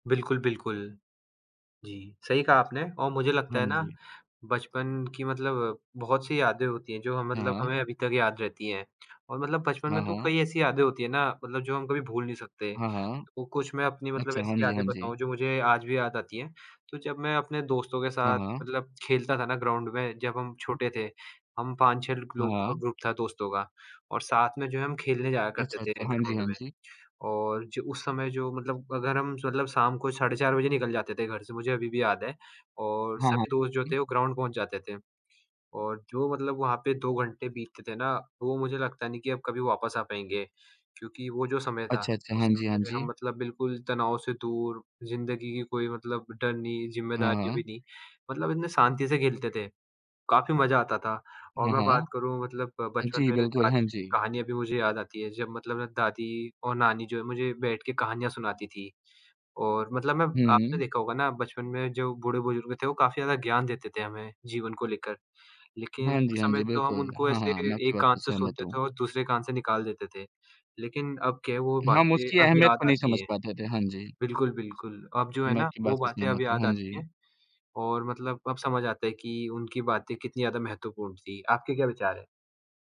बिल्कुल, बिल्कुल। जी, सही कहा आपने और मुझे लगता हाँ है ना, जी। बचपन की मतलब बहुत-सी यादें होती हैं, जो ह मतलब हाँ। हमें अभी तक याद रहती हैं। और मतलब बचपन हाँ, में तो हाँ। कई ऐसी यादें होती हैं ना, मतलब जो हम कभी भूल नहीं सकते। हाँ, हाँ। तो कुछ मैं अपनी मतलब अच्छा, हाँ ऐसी जी, हाँ यादें जी। बताऊँ जो मुझे आज भी याद आती हैं, तो जब मैं अपने दोस्तों के हाँ, साथ हाँ। मतलब खेलता था ना ग्राउंड में, जब हम छोटे थे, हम 5-6 लग लोगों का हाँ। ग्रुप था दोस्तों का, और साथ में जो है हम खेलने जाया करते अच्छा, थे अच्छा। हाँ जी, ग्राउंड हाँ में। जी। और जो उस समय जो मतलब अगर हम स मतलब शाम को साढ़े 4 बजे निकल जाते थे घर से मुझे अभी भी याद है, और हाँ, हाँ। सभी दोस्त जो हुँ। थे वो ग्राउंड पहुँच जाते थे। और जो मतलब वहाँ पे 2 घंटे बीतते थे ना, वो मुझे लगता नहीं कि अब कभी वापस आ पाएँगे, क्योंकि वो जो समय था, अच्छा, अच्छा। उस हाँ जी, समय हाँ में हम जी। मतलब बिल्कुल तनाव से दूर, ज़िंदगी की कोई मतलब डर नहीं, हाँ, ज़िम्मेदारी भी हाँ। नहीं, मतलब इतने शांति से खेलते थे, काफ़ी मज़ा आता था। और हाँ, मैं बात हाँ। करूँ मतलब अ, बचपन जी, मेरे बिल्कुल, दा हाँ जी। कहानियाँ भी मुझे याद आती हैं जब मतलब ना दादी और नानी जो है मुझे बैठ के कहानियाँ सुनाती थी। और मतलब मैं आपने हुँ। देखा होगा ना बचपन में जो बूढ़े-बुज़ुर्ग थे वो काफ़ी ज़्यादा ज्ञान देते थे हमें जीवन को लेकर। लेकिन हाँ जी, उस हाँ समय जी। तो हम बिल्कुल, उनको हाँ, ऐसे हाँ, मैं आपकी एक बात कान से से सहमत सुनते हूँ। थे और दूसरे कान से निकाल देते थे, लेकिन अब क्या है वो हम बातें उसकी अब अहमियत को याद नहीं समझ आती हैं। पाते थे। हाँ जी। बिल्कुल, बिल्कुल, अब जो है मैं ना, आपकी वो बात से बातें अब सहमत हूँ, याद हाँ आती जी। हैं, और मतलब अब समझ आता है कि उनकी बातें कितनी ज़्यादा महत्वपूर्ण थी। आपके क्या विचार हैं?